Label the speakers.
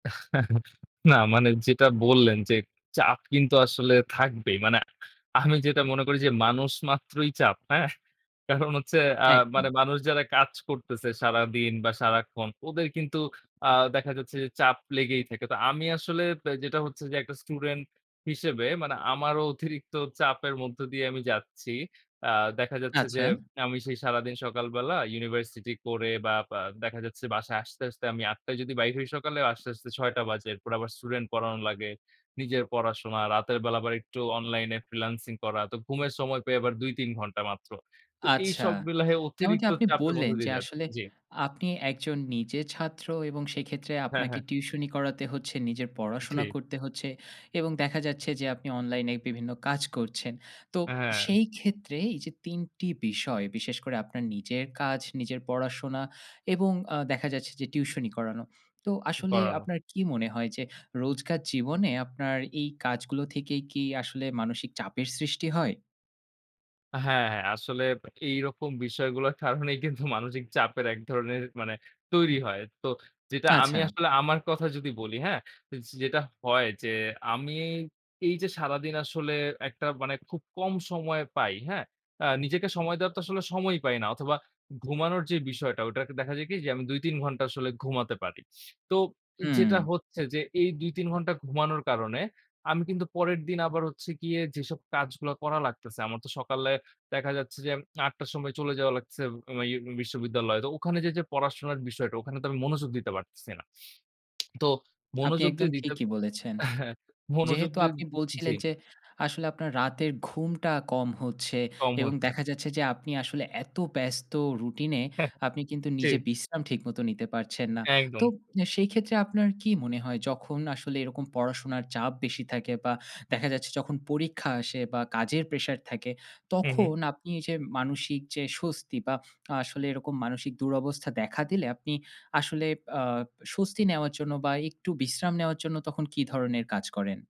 Speaker 1: না মানে যেটা বললেন যে চাপ কিন্তু আসলে থাকবেই। মানে আমি যেটা মনে করি যে মানুষ মাত্রই চাপ, হ্যাঁ? কারণ হচ্ছে আ মানে
Speaker 2: একদম।
Speaker 1: মানুষ যারা কাজ করতেছে সারাদিন বা সারাক্ষণ ওদের কিন্তু আ দেখা যাচ্ছে যে চাপ লেগেই থাকে। তো আমি আসলে পে যেটা হচ্ছে যে একটা স্টুডেন্ট হিসেবে মানে আমারও অতিরিক্ত চাপের মধ্য দিয়ে আমি যাচ্ছি। আ দেখা যাচ্ছে
Speaker 2: আচ্ছা।
Speaker 1: যে আমি সেই সারাদিন সকালবেলা ইউনিভার্সিটি করে বা বা দেখা যাচ্ছে বাসায় আসতে, আসতে আমি ৮ঃ০০ টায় যদি বাইর হই সকালেই আসতে, আসতে ৬ঃ০০ টা বাজে। এরপর আবার স্টুডেন্ট পড়ানো লাগে। নিজের পড়াশোনা, রাতের বেলা আবার একটু অনলাইনে ফ্রিল্যান্সিং করা। তো ঘুমের সময় পাই আবার ২-৩ ঘন্টা মাত্র। তো
Speaker 2: আচ্ছা।
Speaker 1: এইসব মিলায়ে
Speaker 2: যেমনটি
Speaker 1: অতিরিক্ত
Speaker 2: আপনি
Speaker 1: চাপের
Speaker 2: বললেন
Speaker 1: মধ্যে
Speaker 2: যে
Speaker 1: দিয়ে যাচ্ছি।
Speaker 2: আসলে
Speaker 1: জি।
Speaker 2: আপনি একজন নিজে ছাত্র এবং সেইক্ষেত্রে
Speaker 1: হ্যাঁ,
Speaker 2: আপনাকে
Speaker 1: হ্যাঁ।
Speaker 2: টিউশনি করাতে হচ্ছে, নিজের পড়াশোনা
Speaker 1: জি।
Speaker 2: করতে হচ্ছে। এবং দেখা যাচ্ছে যে আপনি অনলাইনে বিভিন্ন কাজ করছেন। তো
Speaker 1: অ্যা হ্যাঁ।
Speaker 2: সেই ক্ষেত্রে এইযে ৩ টি বিষয় বিশেষ করে আপনার নিজের কাজ, নিজের পড়াশোনা এবং আ দেখা যাচ্ছে যে টিউশনি করানো। তো
Speaker 1: উ
Speaker 2: আসলে
Speaker 1: পড়ানো।
Speaker 2: আপনার কি মনে হয় যে রোজকার জীবনে আপনার এই কাজগুলো থেকে কি আসলে মানসিক চাপের সৃষ্টি হয়?
Speaker 1: আ হ্যাঁ আসলে এইরকম বিষয়গুলার কারণেই কিন্তু মানসিক চাপের ১ ধরনের মানে তৈরি হয়। তো যেটা আমি
Speaker 2: আচ্ছা।
Speaker 1: আসলে আমার কথা যদি বলি, হ্যাঁ? তো যেটা হয় যে আমি এইযে সারাদিন আসলে একটা মানে খুব কম সময় পাই, হ্যাঁ? আ নিজেকে সময় দেওয়ার তো আসলে সময়ই পাই না। অথবা ঘুমানোর যে বিষয়টা ঐটারকে দেখা যায় কি যে আমি ২-৩ ঘন্টা আসলে ঘুমাতে পারি। তো
Speaker 2: হুম।
Speaker 1: যেটা হচ্ছে যে এই ২-৩ ঘন্টা ঘুমানোর কারণে আমি কিন্তু পরের দিন আবার হচ্ছে গিয়ে যেসব কাজগুলো করা লাগতেছে। আমার তো সকালে দেখা যাচ্ছে যে ৮ঃ০০ টার সময় চলে যাওয়া লাগছে বাইয়ে বিশ্ববিদ্যালয়। তো ওখানে যে যে পড়াশোনার বিষয়টা ওখানে তো আমি মনোযোগ দিতে পারতেছি না। তো
Speaker 2: আপনি
Speaker 1: মনোযোগ যে
Speaker 2: একদম
Speaker 1: দিতে
Speaker 2: ঠিকই বলেছেন।
Speaker 1: আ হ্যাঁ মনোযোগ
Speaker 2: যেহেতু
Speaker 1: যে উম
Speaker 2: আপনি
Speaker 1: জি।
Speaker 2: বলছিলেন যে আসলে আপনার রাতের ঘুমটা কম হচ্ছে।
Speaker 1: কম
Speaker 2: এবং
Speaker 1: হচ্ছে।
Speaker 2: দেখা যাচ্ছে যে আপনি আসলে এতো ব্যস্ত রুটিনে
Speaker 1: হ্যা।
Speaker 2: আপনি কিন্তু
Speaker 1: জি।
Speaker 2: নিজে বিশ্রাম ঠিকমতো নিতে পারছেন না। তো
Speaker 1: একদম।
Speaker 2: নে সেইক্ষেত্রে আপনার কি মনে হয় যখন আসলে এরকম পড়াশুনার চাপ বেশি থাকে বা দেখা যাচ্ছে যখন পরীক্ষা আসে বা কাজের প্রেশার থাকে
Speaker 1: হুম, হুম।
Speaker 2: তখন আপনি এইযে মানসিক যে স্বস্তি বা আসলে এরকম মানসিক দুরবস্থা দেখা দিলে আপনি আসলে আ স্বস্তি নেওয়ার জন্য বা একটু বিশ্রাম নেওয়ার জন্য তখন কি ধরনের কাজ করেন?